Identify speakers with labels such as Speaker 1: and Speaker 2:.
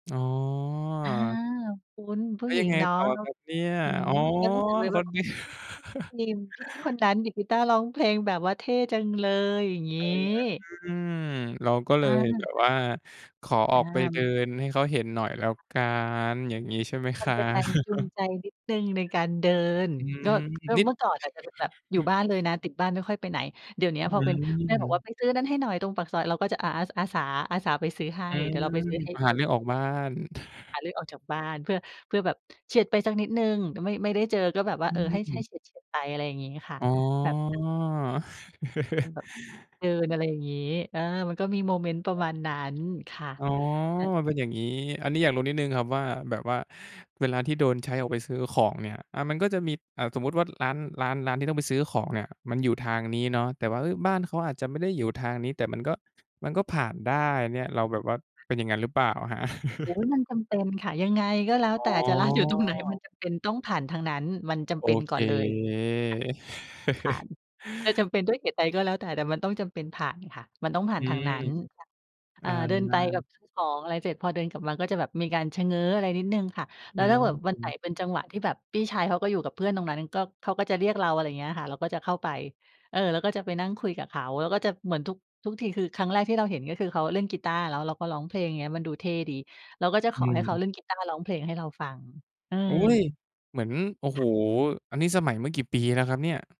Speaker 1: อ๋อ
Speaker 2: อา คุณ ผู
Speaker 1: แล
Speaker 2: ้
Speaker 1: ้ว
Speaker 2: หญ
Speaker 1: ย
Speaker 2: ิ
Speaker 1: ัง
Speaker 2: ง
Speaker 1: ไง
Speaker 2: เนาะ
Speaker 1: ต่อครับเนี่ย
Speaker 2: อืม
Speaker 1: อ๋อ
Speaker 2: ก็รู้สึกเลย
Speaker 1: ก
Speaker 2: ว
Speaker 1: ็
Speaker 2: ่า
Speaker 1: เนี่ย
Speaker 2: นีม พี่คนนั้นดีดกีตาร์ ร้องเพลง แบบว่าเท่จังเลย อย่างง
Speaker 1: อ
Speaker 2: ี
Speaker 1: ื
Speaker 2: ้
Speaker 1: ม เราก็เล
Speaker 2: อา
Speaker 1: ยแบบ
Speaker 2: อ
Speaker 1: ว่าขออ
Speaker 2: อา
Speaker 1: อกไปเด
Speaker 2: มั
Speaker 1: ิ
Speaker 2: น
Speaker 1: นให้เขาเห็นหน่อยแล้วกัน อย่างงี้ใช่ไหม
Speaker 2: ม
Speaker 1: ค
Speaker 2: ัน
Speaker 1: รั
Speaker 2: เป็นแร
Speaker 1: บ?
Speaker 2: งจูงใจนิดหนึ่งในการเดิน
Speaker 1: อืม
Speaker 2: ก็ ก็
Speaker 1: นิด
Speaker 2: เมื่อก่อนอะจะเป็นแบบอยู่บ้านเลยนะ ติดบ้านไม่ค่อยไปไหน เดี๋ยวเนี้ย
Speaker 1: อื
Speaker 2: พอเป็น แม่บอกว่า
Speaker 1: ม
Speaker 2: "ไปซื้อนั้นให้หน่อยตรงปากซอย" เราก็จะ อา อา อาสา อาสาไปซื้อให้
Speaker 1: อื
Speaker 2: เดี๋ย
Speaker 1: ม
Speaker 2: วเราไปซื้อให้
Speaker 1: ห
Speaker 2: เ
Speaker 1: า
Speaker 2: อ
Speaker 1: เ
Speaker 2: ง
Speaker 1: รื่องออกบ้าน
Speaker 2: หาเรื่องออกจากบ้าน เพื่อ เพื่อแบบเฉียดไปสักนิดหนึ่ง ไม่ ไม่ได้เจอก็แบบว่
Speaker 1: อ
Speaker 2: า เออ ให้ ให้
Speaker 1: ืม
Speaker 2: เฉียด ๆ ไป อะไรอย่างนี้ค่ะ
Speaker 1: อ๋
Speaker 2: แบบ
Speaker 1: อ
Speaker 2: เป็นแบบเดินอะไรอย่างงี้ เออ มันก็มีโมเมนต์ประมาณนั้น ค่ะ
Speaker 1: อ๋อ
Speaker 2: เออ
Speaker 1: มันเป็นอย่างงี้ อันนี้อยากรู้นิดหนึ่งครับว่า แบบว่าเวลาที่โดนใช้ออกไปซื้อของเนี่ย อา มันก็จะมี อ่า สมมติว่าร้าน ร้าน ร้านที่ต้องไปซื้อของเนี่ยมันอยู่ทางนี้เนาะ แต่ว่า เอ๊ย บ้านเขาอาจจะไม่ได้อยู่ทางนี้ แต่มันก็ มันก็ผ่านได้เนี่ย เราแบบว่าเป็นอย่างงั้นหรือเปล่าครับ?
Speaker 2: โอ๊ย มันจำเป็นค่ะ ยังไงก็แล้ว
Speaker 1: อ๋
Speaker 2: แต่ จะร้านอยู่ตรงไหน มัน
Speaker 1: อ
Speaker 2: จำเป็นต้องผ่านทางนั้น มันจำ
Speaker 1: โอ
Speaker 2: เป็น
Speaker 1: เ
Speaker 2: ก
Speaker 1: ค
Speaker 2: ่อนเลย ค่ะ ผ่าน จะจำเป็นด้วยเหตุใดก็แล้วแต่ แต่มันต้องจำเป็นผ่านค่ะ มันต้องผ่า
Speaker 1: อ
Speaker 2: น
Speaker 1: ื
Speaker 2: ทาง
Speaker 1: ม
Speaker 2: นั้นค่ะ
Speaker 1: อ
Speaker 2: อ่า เดินไปกับ
Speaker 1: า
Speaker 2: ซื้อของ อะไรเสร็จ พอเดินกลับมาก็จะแบบมีการชะเง้อ อะไรนิดหนึ่งค่ะ
Speaker 1: อ
Speaker 2: แล
Speaker 1: ื
Speaker 2: ้วถ้าเกิดวันไหน
Speaker 1: ม
Speaker 2: เป็นจังหวะที่แบบพี่ชายเขาก็อยู่กับเพื่อนตรงนั้น ก็ เขาก็จะเรียกเรา อะไรอย่างเงี้ยค่ะ เราก็จะเข้าไป เออ แล้วก็จะไปนั่งคุยกับเขา แล้วก็จะเหมือนทุก ทุกที คือครั้งแรกที่เราเห็นก็คือเขาเล่นกีตาร์ แล้วเราก็ร้องเพลง อย่างเงี้ย มันดูเท่ดี เราก็จะ
Speaker 1: อ
Speaker 2: ข
Speaker 1: ื
Speaker 2: อให้เขา
Speaker 1: ม
Speaker 2: เล่นกีตาร์ ร้องเพลง ให้เราฟัง อื
Speaker 1: อุ๊
Speaker 2: ม
Speaker 1: ย เหมือน โอ้
Speaker 2: ค
Speaker 1: โฮ
Speaker 2: ่ะ
Speaker 1: อันนี้สมัยเมื่อกี่ปีแล้วครับเนี่ย?